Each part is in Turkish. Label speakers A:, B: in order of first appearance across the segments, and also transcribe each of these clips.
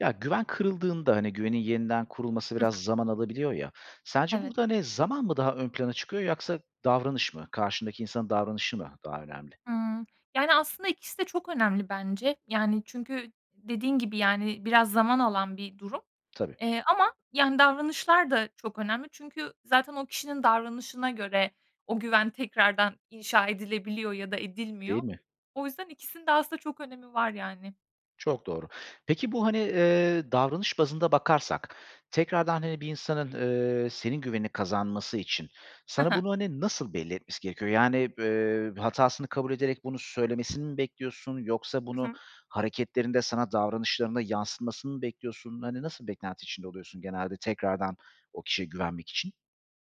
A: Ya, güven kırıldığında, hani güvenin yeniden kurulması
B: Hı hı.
A: biraz zaman alabiliyor, ya. Sence
B: Evet.
A: burada, hani, zaman mı daha ön plana çıkıyor yoksa davranış mı, karşındaki insanın davranışı mı daha önemli?
B: Hıı. Yani, aslında ikisi de çok önemli bence. Yani, çünkü dediğin gibi, yani, biraz zaman alan bir durum,
A: Tabii.
B: eee, ama, yani, davranışlar da çok önemli. Çünkü zaten o kişinin davranışına göre o güven tekrardan inşa edilebiliyor ya da
A: Değil
B: edilmiyor.
A: mi?
B: O yüzden ikisinin de aslında çok önemi var, yani.
A: Çok doğru. Peki, bu, hani, eee, davranış bazında bakarsak, tekrardan, hani, bir insanın, eee, senin güvenini kazanması için
B: Hı
A: sana
B: hı.
A: bunu, hani, nasıl belli etmesi gerekiyor? Yani, b eee, hatasını kabul ederek bunu söylemesini mi bekliyorsun yoksa
B: Hı
A: bunu
B: hı.
A: hareketlerinde sana davranışlarında yansıtmasını mı bekliyorsun? Hani, nasıl beklenti içinde oluyorsun genelde tekrardan o kişiye güvenmek için?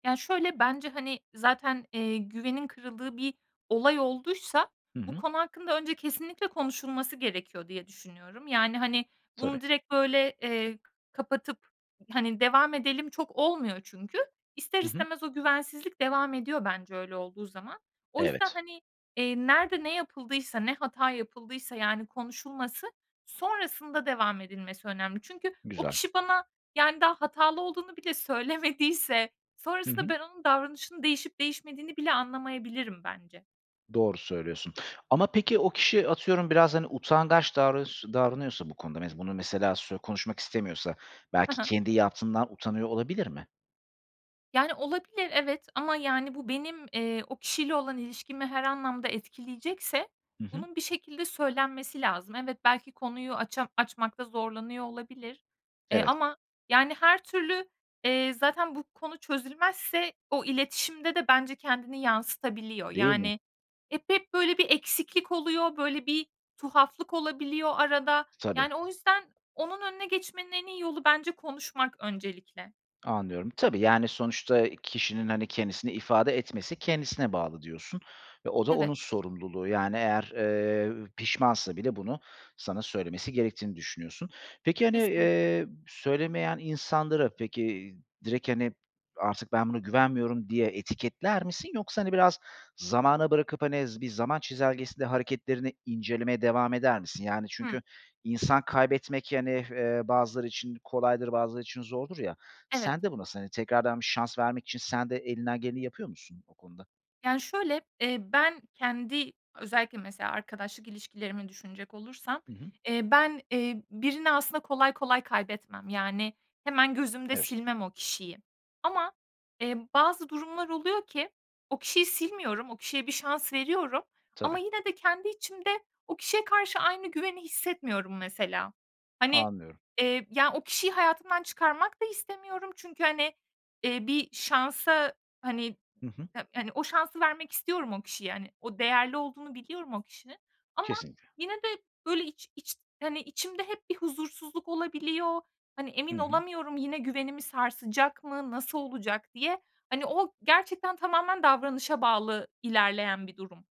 B: Ya, şöyle bence, hani, zaten, eee, güvenin kırıldığı bir olay olduysa
A: Hı
B: bu
A: hı.
B: konu hakkında önce kesinlikle konuşulması gerekiyor diye düşünüyorum. Yani, hani,
A: Tabii.
B: bunu direkt, böyle, eee kapatıp, hani, devam edelim çok olmuyor çünkü. İster
A: Hı hı.
B: istemez o güvensizlik devam ediyor bence öyle olduğu zaman. O yüzden,
A: Evet.
B: hani, eee, nerede ne yapıldıysa, ne hata yapıldıysa, yani, konuşulması, sonrasında devam edilmesi önemli. Çünkü o
A: Güzel.
B: kişi bana, yani, daha hatalı olduğunu bile söylemediyse
A: Hı
B: sonrasında
A: hı.
B: ben onun davranışını değişip değişmediğini bile anlamayabilirim bence.
A: Doğru söylüyorsun. Ama peki, o kişi atıyorum biraz, hani, utangaç davras davranıyorsa bu konuda me bunu mesela sü konuşmak istemiyorsa
B: Hı
A: belki
B: hı.
A: kendi yaptığından utanıyor olabilir mi?
B: Yani, olabilir, evet, ama, yani, bu benim, eee, o kişiyle olan ilişkimi her anlamda etkileyecekse
A: Hı hı.
B: bunun bir şekilde söylenmesi lazım. Evet, belki konuyu aça açmakta zorlanıyor olabilir, eee,
A: Evet.
B: ama, yani, her türlü, eee, zaten bu konu çözülmezse o iletişimde de bence kendini yansıtabiliyor.
A: Değil mi?
B: Yani, hep hep, böyle, bir eksiklik oluyor, böyle bir tuhaflık olabiliyor arada.
A: Tabii.
B: Yani, o yüzden onun önüne geçmenin en iyi yolu bence konuşmak öncelikle.
A: Anlıyorum. Tabii, yani, sonuçta kişinin, hani, kendisini ifade etmesi kendisine bağlı diyorsun ve o da
B: Evet.
A: onun sorumluluğu. Yani, eğer, eee, pişmansa bile bunu sana söylemesi gerektiğini düşünüyorsun. Peki, hani,
B: Kesinlikle.
A: eee, söylemeyen insanlara, peki, direkt, hani, "Artık ben buna güvenmiyorum." diye etiketler misin yoksa, hani, biraz zamana bırakıp, hani, z bir zaman çizelgesinde hareketlerini incelemeye devam eder misin? Yani, çünkü
B: Hımm.
A: insan kaybetmek, yani, eee, bazıları için kolaydır bazıları için zordur ya.
B: Evet.
A: Sen de bu nasıl? Hani, tekrardan 1 şans vermek için sen de elinden geleni yapıyor musun o konuda?
B: Yani, şöyle, eee, ben kendi özellikle mesela arkadaşlık ilişkilerimi düşünecek olursam,
A: Hı hı.
B: eee, ben, eee, birini aslında kolay kolay kaybetmem. Yani, hemen gözümde
A: Evet.
B: silmem o kişiyi. Ama, eee, bazı durumlar oluyor ki o kişiyi silmiyorum, o kişiye 1 şans veriyorum ama
A: Tabii.
B: yine de kendi içimde o kişiye karşı aynı güveni hissetmiyorum mesela. Hani,
A: Anlıyorum.
B: eee, ya, o kişiyi hayatımdan çıkarmak da istemiyorum. Çünkü, hani, eee, 1 şansa, hani,
A: Hı hı.
B: ha hani, o şansı vermek istiyorum o kişiye. Hani, o değerli olduğunu biliyorum o kişinin ama
A: Kesinlikle.
B: yine de, böyle, içi iç hani, içimde hep bir huzursuzluk olabiliyor. Hani,
A: Hı
B: emin
A: hı.
B: olamıyorum yine güvenimi sarsacak mı, nasıl olacak diye, hani, o gerçekten tamamen davranışa bağlı ilerleyen bir durum,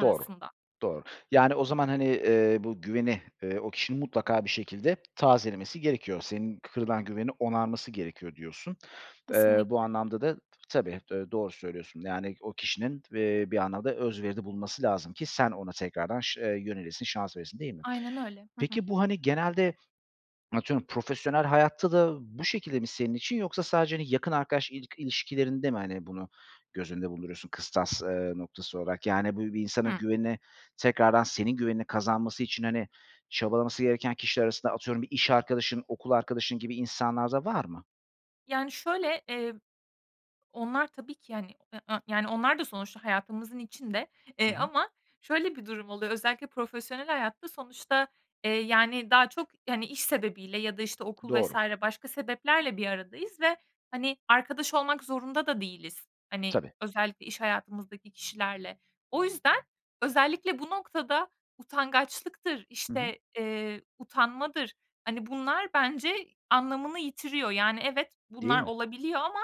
A: Doğru. Doğru. Yani, o zaman, hani, eee, bu güveni, eee, o kişinin mutlaka bir şekilde tazelemesi gerekiyor. Senin kırılan güvenini onarması gerekiyor, diyorsun. Eee, bu
B: Kesinlikle.
A: anlamda da, tabii, eee, doğru söylüyorsun, yani, o kişinin, eee, bir anlamda özveride bulunması lazım ki sen ona tekrardan şı eee, yönelesin, şans veresin değil mi?
B: Aynen öyle. Hı hı.
A: Peki, bu, hani, genelde, atıyorum, profesyonel hayatta da bu şekilde mi senin için yoksa sadece, hani, yakın arkadaş ilik ilişkilerinde mi, hani, bunu göz önünde bulunduruyorsun kıstas, eee, noktası olarak? Yani, bu bir insanın
B: Hımm.
A: güveni, tekrardan senin güvenini kazanması için, hani, çabalaması gereken kişiler arasında, atıyorum, bir iş arkadaşın, okul arkadaşın gibi insanlar da var mı?
B: Yani, şöyle, eee, onlar tabii ki, yani, [unintelligible] yani, onlar da sonuçta hayatımızın içinde.
A: Hı
B: Eee,
A: hı.
B: ama şöyle bir durum oluyor özellikle profesyonel hayatta sonuçta, eee, yani, daha çok, hani, iş sebebiyle ya da, işte, okul vs.
A: Doğru.
B: başka sebeplerle bir aradayız ve, hani, arkadaş olmak zorunda da değiliz. Hani,
A: Tabii.
B: özellikle iş hayatımızdaki kişilerle. O yüzden özellikle bu noktada utangaçlıktır,
A: Hı hı.
B: işte, eee, utanmadır, hani, bunlar bence anlamını yitiriyor. Yani, evet,
A: Değil
B: bunlar
A: mi?
B: olabiliyor ama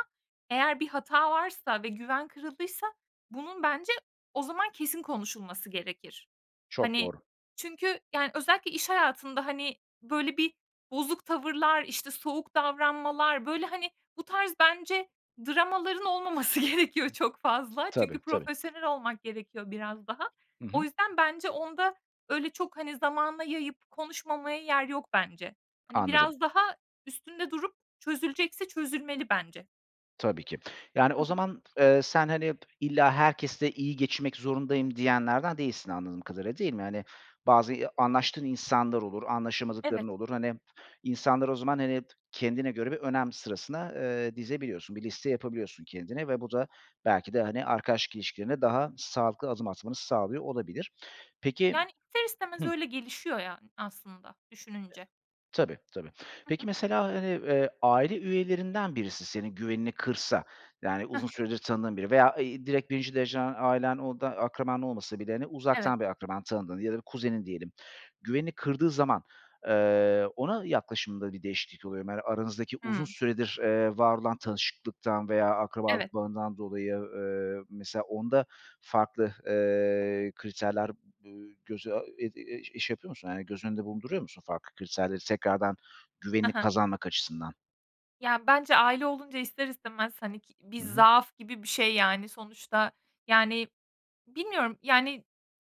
B: eğer bir hata varsa ve güven kırıldıysa bunun bence o zaman kesin konuşulması gerekir.
A: Çok
B: Hani,
A: doğru.
B: çünkü, yani, özellikle iş hayatında, hani, böyle, bir bozuk tavırlar, işte, soğuk davranmalar, böyle, hani, bu tarz bence dramaların olmaması gerekiyor çok fazla. Çünkü
A: Tabii, tabii.
B: profesyonel olmak gerekiyor biraz daha.
A: Hı
B: O
A: hı.
B: yüzden bence onda öyle çok, hani, zamana yayıp konuşmamaya yer yok bence. Hani,
A: Anladım.
B: biraz daha üstünde durup çözülecekse çözülmeli bence.
A: Tabii ki. Yani
B: Hı
A: o
B: hı.
A: zaman, eee, sen, hani, illa herkesle iyi geçinmek zorundayım diyenlerden değilsin anladığım kadarıyla, değil mi? Hani, bazı iyi anlaştığın insanlar olur,
B: Evet.
A: anlaşamadıkların olur. Hani, insanları o zaman, hani kendine göre bir önem sırasına, ııı, dizebiliyorsun, bir liste yapabiliyorsun kendine ve bu da belki de, hani, arkadaşlık ilişkilerine daha sağlıklı adım atmanı sağlıyor olabilir. Peki
B: Yani, ister istemez
A: Hıh.
B: öyle gelişiyor yani aslında düşününce.
A: Tabii, tabii.
B: Hı
A: Peki
B: hı.
A: mesela, hani, eee, aile üyelerinden birisi senin güvenini kırsa, yani
B: Hı
A: uzun
B: hı.
A: süredir tanıdığın biri veya, eee, i direkt 1'inci dereceden ailen, o da akraban olmasa bile, hani,
B: Evet.
A: uzaktan bir akraban, tanıdığın ya da bir kuzenin diyelim. Güvenini kırdığı zaman, eee, ona yaklaşımında bir değişiklik oluyor mu, hani aranızdaki uzun
B: Hımm.
A: süredir, eee, var olan tanışıklıktan veya
B: Evet.
A: akrabalık bağından dolayı, eee, mesela onda farklı, eee, kriterler, ııı, göze, aaa, ed eee, şey yapıyor musun? Yani göz önünde bulunduruyor musun farklı kriterleri tekrardan
B: Hı
A: güvenini
B: hı.
A: kazanmak açısından?
B: Ya, bence aile olunca ister istemez, hani, ki bir
A: Hı hı.
B: zaaf gibi bir şey, yani, sonuçta yani bilmiyorum, yani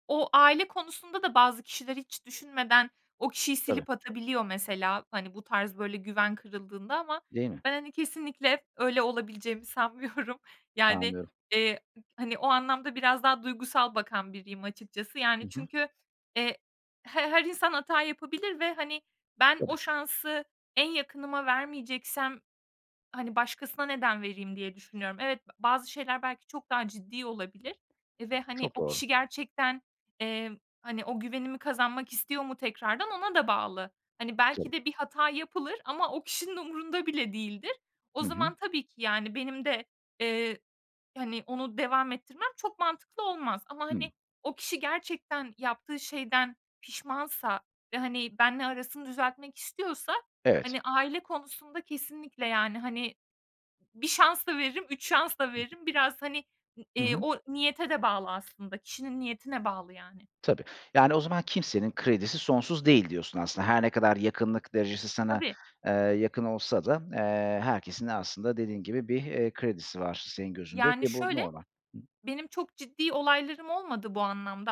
B: o aile konusunda da bazı kişiler hiç düşünmeden o kişiyi
A: Tabii.
B: silip atabiliyor mesela. Hani, bu tarz böyle güven kırıldığında ama
A: Değil mi?
B: ben, hani, kesinlikle öyle olabileceğimi sanmıyorum. Yani,
A: Anlıyorum.
B: eee, hani, o anlamda biraz daha duygusal bakan biriyim açıkçası.
A: Hı
B: Yani,
A: hı.
B: çünkü, eee, h her insan hata yapabilir ve, hani, ben o
A: Tabii.
B: şansı en yakınıma vermeyeceksem, hani, başkasına neden vereyim diye düşünüyorum. Evet, b bazı şeyler belki çok daha ciddi olabilir ve, hani,
A: Çok
B: o
A: doğru.
B: kişi gerçekten, emm, hani, o güvenimi kazanmak istiyor mu tekrardan ona da bağlı. Hani, belki
A: Tabii.
B: de bir hata yapılır ama o kişinin umurunda bile değildir. O
A: Hı hı.
B: zaman tabii ki yani benim de, eee, hani, onu devam ettirmem çok mantıklı olmaz. Ama,
A: Hıı.
B: hani, o kişi gerçekten yaptığı şeyden pişmansa ve, hani, benimle arasını düzeltmek istiyorsa,
A: Evet.
B: hani, aile konusunda kesinlikle yani, hani, 1 şans da veririm, 3 şans da
A: Hı hı.
B: veririm, biraz hani, ı
A: Hı
B: eee,
A: hı.
B: o niyete de bağlı aslında, kişinin niyetine bağlı yani.
A: Tabii, yani, o zaman kimsenin kredisi sonsuz değil diyorsun aslında. Her ne kadar yakınlık derecesi sana,
B: Tabii.
A: eee, yakın olsa da, eee, herkesin aslında dediğin gibi, bir, eee, kredisi var senin gözünde
B: Yani,
A: ki bu
B: şöyle,
A: normal. Hı hı.
B: benim çok ciddi olaylarım olmadı bu anlamda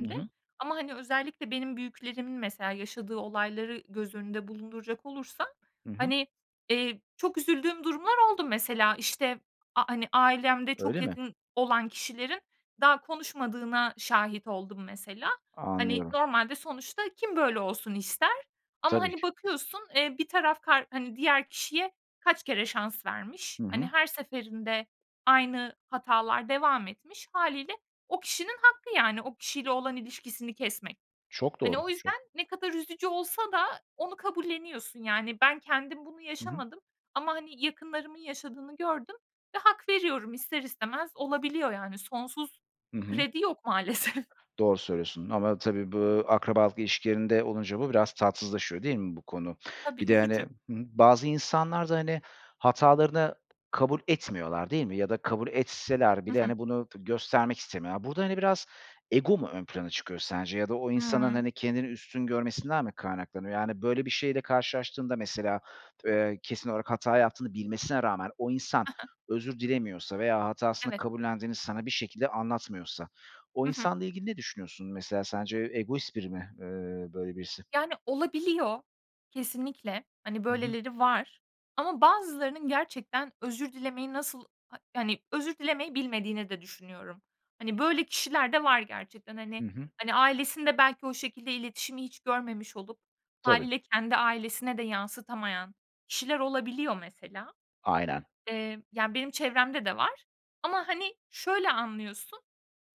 A: I hı.
B: ama, hani, özellikle benim büyüklerimin mesela yaşadığı olayları göz önünde bulunduracak olursam,
A: Hı hı.
B: hani, eee, çok üzüldüğüm durumlar oldu mesela, işte, a hani, ailemde çok
A: Öyle mi?
B: yakın olan kişilerin daha konuşmadığına şahit oldum mesela. Hani,
A: Anlıyorum.
B: normalde sonuçta kim böyle olsun ister ama,
A: Tabii
B: hani,
A: ki.
B: bakıyorsun, eee, bir taraf kar hani, diğer kişiye kaç kere şans vermiş,
A: Hı
B: hani,
A: hı.
B: her seferinde aynı hatalar devam etmiş. Hâliyle o kişinin hakkı yani o kişiyle olan ilişkisini kesmek.
A: Çok
B: Hani,
A: doğru.
B: o yüzden
A: Çok.
B: ne kadar üzücü olsa da onu kabulleniyorsun yani ben kendim bunu
A: Hı hı.
B: yaşamadım ama, hani, yakınlarımın yaşadığını gördüm ve hak veriyorum ister istemez olabiliyor yani sonsuz
A: Hı hı.
B: kredi yok maalesef.
A: Doğru söylüyorsun ama tabii bu akrabalık ilişkilerinde olunca bu biraz tatsızlaşıyor, değil mi bu konu?
B: Tabii,
A: Bir de, hani Hı hı.
B: üzücü.
A: Bazı insanlar da, hani, hatalarını kabul etmiyorlar, değil mi? Ya da kabul etseler
B: Hı
A: bile,
B: hı.
A: hani, bunu tı göstermek istemiyorlar. Burada, hani, biraz ego mu ön plana çıkıyor sence ya da o insanın,
B: Hıı.
A: hani, kendini üstün görmesinden mi kaynaklanıyor? Yani böyle bir şeyle karşılaştığında mesela, eee, kesin olarak hata yaptığını bilmesine rağmen o insan
B: Ha ha.
A: özür dilemiyorsa veya hatasını
B: Evet.
A: kabullendiğini sana bir şekilde anlatmıyorsa o
B: Hı hı.
A: insanla ilgili ne düşünüyorsun? Mesela sence egoist biri mi, eee, böyle birisi?
B: Yani, olabiliyor, kesinlikle. Hani,
A: Hı hı.
B: böyleleri var ama bazılarının gerçekten özür dilemeyi nasıl ha hani, özür dilemeyi bilmediğini de düşünüyorum. Hani, böyle kişiler de var gerçekten. Hani
A: Hı hı.
B: hani, ailesinde belki o şekilde iletişimi hiç görmemiş olup
A: Tabii.
B: hâliyle kendi ailesine de yansıtamayan kişiler olabiliyor mesela.
A: Aynen.
B: Emm, yani benim çevremde de var ama, hani, şöyle anlıyorsun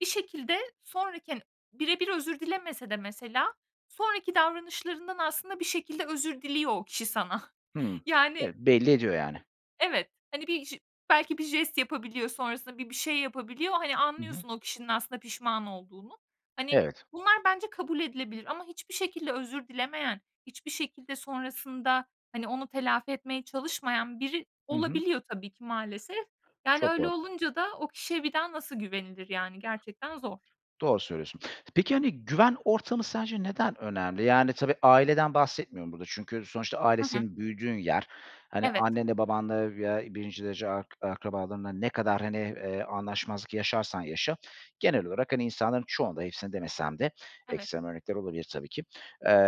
B: bir şekilde sonraki, hani bire bir özür dilemese de mesela sonraki davranışlarından aslında bir şekilde özür diliyor o kişi sana.
A: Hımm,
B: Yani
A: eee, belli ediyor yani.
B: Evet, hani, bir j belki bir jest yapabiliyor sonrasında, bir bir şey yapabiliyor. Hani,
A: Hı hı.
B: anlıyorsun o kişinin aslında pişman olduğunu. Hani,
A: Evet.
B: bunlar bence kabul edilebilir ama hiçbir şekilde özür dilemeyen, hiçbir şekilde sonrasında, hani, onu telafi etmeye çalışmayan biri
A: Hı hı.
B: olabiliyor tabii ki maalesef. Yani
A: Çok
B: öyle
A: doğru.
B: olunca da o kişiye bir daha nasıl güvenilir, yani gerçekten zor.
A: Doğru söylüyorsun. Peki, hani, güven ortamı sence neden önemli? Yani tabii, aileden bahsetmiyorum burada çünkü sonuçta aile
B: Hı hı.
A: senin büyüdüğün yer. Hani,
B: Evet.
A: annenle babanla veya 1'inci derece ark akrabalarınla ne kadar, hani, eee, anlaşmazlık yaşarsan yaşa genel olarak, hani, insanların çoğunda, hepsinde demesem de
B: Evet.
A: ekstrem örnekler olabilir tabii ki,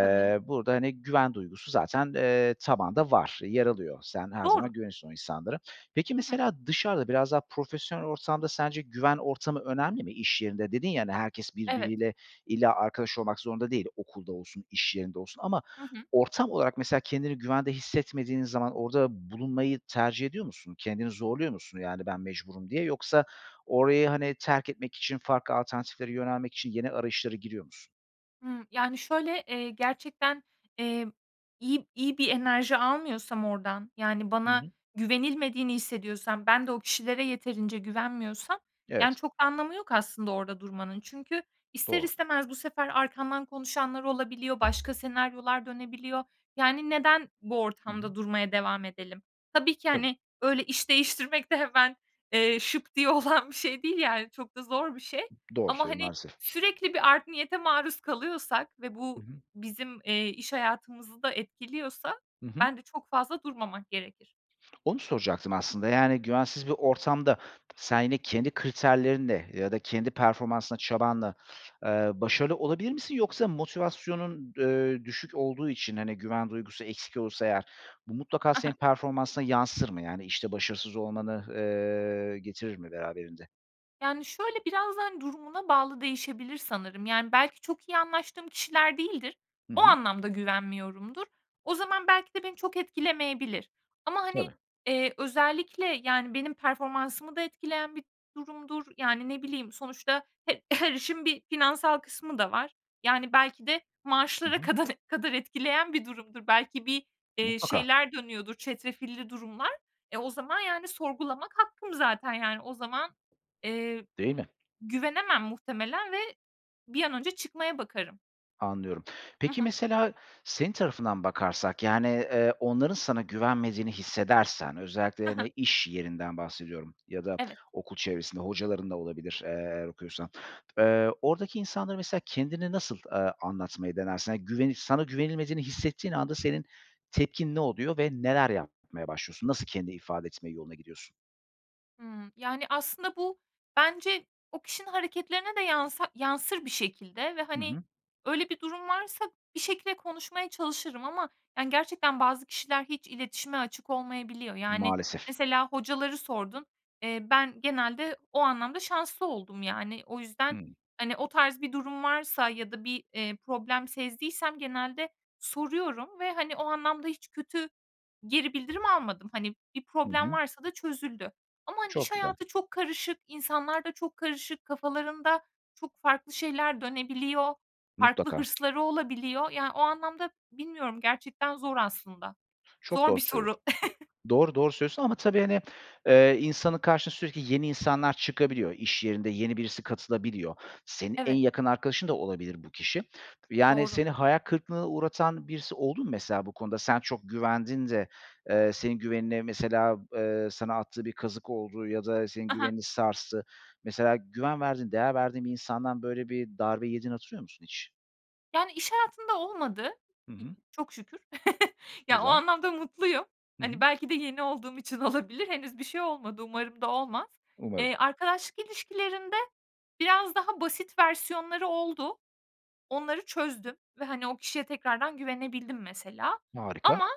B: Tabii.
A: burada, hani, güven duygusu zaten, eee, tabanda var, yer alıyor. Sen her
B: Doğru.
A: zaman güveniyorsun o insanlara. Peki,
B: Hı hı.
A: mesela dışarıda, biraz daha profesyonel ortamda sence güven ortamı önemli mi? İş yerinde dedin ya, hani, herkes
B: Evet.
A: birbiriyle illa arkadaş olmak zorunda değil; okulda olsun, iş yerinde olsun ama
B: Hı hı.
A: ortam olarak mesela kendini güvende hissetmediğin zaman orada bulunmayı tercih ediyor musun? Kendini zorluyor musun, yani "Ben mecburum." diye yoksa orayı, hani, terk etmek için, farklı alternatiflere yönelmek için yeni arayışlara giriyor musun?
B: Hımm, yani şöyle, eee, gerçekten, eee, iyi iyi bir enerji almıyorsam oradan yani
A: Hı
B: bana
A: hı.
B: güvenilmediğini hissediyorsam ben de o kişilere yeterince güvenmiyorsam, yani,
A: Evet.
B: çok anlamı yok aslında orada durmanın. Çünkü ister
A: Doğru.
B: istemez bu sefer arkamdan konuşanlar olabiliyor, başka senaryolar dönebiliyor. Yani neden bu
A: Hı hı.
B: ortamda durmaya devam edelim? Tabii ki,
A: Tabii.
B: hani, öyle iş değiştirmek de hemen, eee, şıp diye olan bir şey değil yani çok da zor bir şey.
A: Doğru
B: Ama,
A: söylüyor
B: hani,
A: maalesef.
B: sürekli bir art niyete maruz kalıyorsak ve
A: Hı
B: bu
A: hı.
B: bizim, eee, iş hayatımızı da etkiliyorsa
A: Hı hı.
B: bence çok fazla durmamak gerekir.
A: Onu soracaktım aslında yani güvensiz bir ortamda sen yine kendi kriterlerinle ya da kendi performansınla, çabanla, eee, başarılı olabilir misin? Yoksa motivasyonun, eee, düşük olduğu için, hani, güven duygusu eksik olursa eğer bu mutlaka
B: Ha
A: senin
B: ha.
A: performansına yansır mı yani işte başarısız olmanı, eee, getirir mi beraberinde?
B: Yani, şöyle biraz da, hani, durumuna bağlı değişebilir sanırım. Yani, belki çok iyi anlaştığım kişiler değildir.
A: Hı
B: O
A: hı.
B: anlamda güvenmiyorumdur. O zaman belki de beni çok etkilemeyebilir. Ama, hani,
A: Tabii.
B: eee, özellikle, yani, benim performansımı da etkileyen bir durumdur. Yani, ne bileyim, sonuçta he her işin bir finansal kısmı da var. Yani, belki de
A: Hı
B: maaşlara
A: hı.
B: kadan kadar etkileyen bir durumdur. Belki bir, eee,
A: Mutlaka.
B: şeyler dönüyordur, çetrefilli durumlar. E, o zaman, yani, sorgulamak hakkım zaten, yani, o zaman. Eee,
A: Değil mi?
B: güvenemem muhtemelen ve bir an önce çıkmaya bakarım.
A: Anlıyorum.
B: Hı
A: Peki,
B: hı.
A: mesela senin tarafından bakarsak, yani, eee, onların sana güvenmediğini hissedersen özellikle,
B: Ha ha.
A: hani, iş yerinden bahsediyorum ya da
B: Evet.
A: okul çevresinde hocaların da olabilir, eee, eğer okuyorsan. Eee, oradaki insanlara mesela kendini nasıl, eee, anlatmayı denersin? Hani, güvenip sana güvenilmediğini hissettiğin anda senin tepkin ne oluyor ve neler yapmaya başlıyorsun? Nasıl kendi ifade etme yoluna gidiyorsun?
B: Hımm. Yani, aslında bu bence o kişinin hareketlerine de yansa yansır bir şekilde ve,
A: Hı
B: hani,
A: hı.
B: öyle bir durum varsa bir şekilde konuşmaya çalışırım ama, yani, gerçekten bazı kişiler hiç iletişime açık olmayabiliyor. Yani,
A: Maalesef.
B: mesela hocaları sordun. Eee, ben genelde o anlamda şanslı oldum, yani. O yüzden,
A: Hıı.
B: hani, o tarz bir durum varsa ya da bir, eee, problem sezdiysem genelde soruyorum ve, hani, o anlamda hiç kötü geri bildirim almadım. Hani, bir
A: Hı
B: problem
A: hı.
B: varsa da çözüldü ama, hani,
A: Çok
B: iş
A: güzel.
B: hayatı çok karışık, insanlarda çok karışık, kafalarında çok farklı şeyler dönebiliyor. Farklı
A: Mutlaka.
B: hırsları olabiliyor. Yani, o anlamda bilmiyorum gerçekten zor aslında.
A: Çok
B: Zor
A: doğru
B: bir
A: söylüyorsun.
B: soru.
A: Doğru, doğru söylüyorsun ama tabii, hani, eee, insanın karşısına sürekli yeni insanlar çıkabiliyor. İş yerinde yeni birisi katılabiliyor. Senin en
B: Evet.
A: yakın arkadaşın da olabilir bu kişi. Yani,
B: Doğru.
A: seni hayal kırıklığına uğratan birisi oldu mu mesela bu konuda? Sen çok güvendin de, eee, senin güvenini mesela, eee, sana attığı bir kazık oldu ya da senin
B: Ha ha.
A: güvenini sarstı. Mesela güven verdiğin, değer verdiğin bir insandan böyle bir darbe yediğini hatırlıyor musun hiç?
B: Yani, iş hayatında olmadı,
A: Hı
B: i
A: hı.
B: çok şükür. Ya, o
A: Güzel.
B: anlamda mutluyum.
A: Hı
B: Hani,
A: hı.
B: belki de yeni olduğum için olabilir. Henüz bir şey olmadı. Umarım da olmaz.
A: Umarım.
B: Eee, arkadaşlık ilişkilerinde biraz daha basit versiyonları oldu. Onları çözdüm ve, hani, o kişiye tekrardan güvenebildim mesela.
A: Harika.
B: Ama,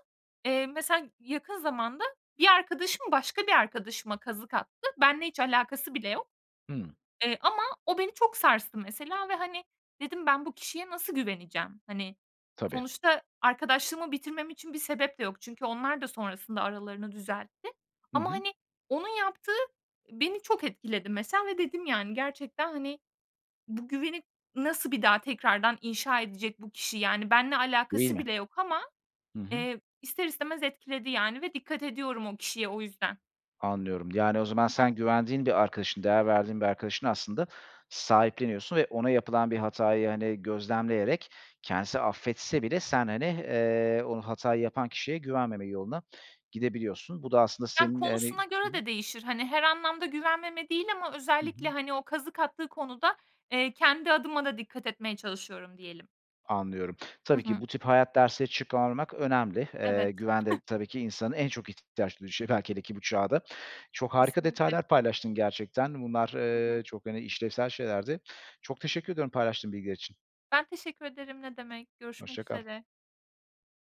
B: eee, mesela yakın zamanda bir arkadaşım başka bir arkadaşıma kazık attı. Benimle hiç alakası bile yok.
A: Hımm.
B: Eee, ama o beni çok sarstı mesela ve, hani, dedim, "Ben bu kişiye nasıl güveneceğim?" Hani,
A: Tabii.
B: sonuçta arkadaşlığımı bitirmem için bir sebep de yok. Çünkü onlar da sonrasında aralarını düzeltti
A: Hı
B: ama,
A: hı.
B: hani, onun yaptığı beni çok etkiledi mesela ve dedim, "Yani, gerçekten, hani, bu güveni nasıl bir daha tekrardan inşa edecek bu kişi?" Yani, benimle
A: Değil
B: alakası
A: mi?
B: bile yok ama,
A: Hı hı.
B: eee, ister istemez etkiledi, yani, ve dikkat ediyorum o kişiye o yüzden.
A: Anlıyorum, yani, o zaman
B: Hı hı.
A: sen güvendiğin bir arkadaşını, değer verdiğin bir arkadaşını aslında sahipleniyorsun ve ona yapılan bir hatayı, hani, gözlemleyerek kendisi affetse bile sen, hani, eee, onu hatayı yapan kişiye güvenmeme yoluna gidebiliyorsun. Bu da aslında
B: Yani,
A: senin, hani
B: konusuna
A: Hı
B: göre
A: hı.
B: de değişir. Hani, her anlamda güvenmeme değil ama
A: Hı hı.
B: özellikle, hani, o kazık attığı konuda, eee, kendi adıma da dikkat etmeye çalışıyorum diyelim.
A: Anlıyorum.
B: Hı
A: Tabii ki
B: hı.
A: bu tip hayat dersleri çıkarmak önemli. Eee,
B: Evet.
A: güven de tabii ki insanın en çok ihtiyaç [unintelligible] hele ki bu çağda. Çok harika
B: Kesinlikle.
A: detaylar paylaştın gerçekten. Bunlar,
B: Hı hı.
A: ııı, çok, hani, işlevsel şeylerdi. Çok teşekkür ediyorum paylaştığın bilgiler için.
B: Ben teşekkür ederim ne demek görüşmek
A: Hoşça kal.
B: üzere.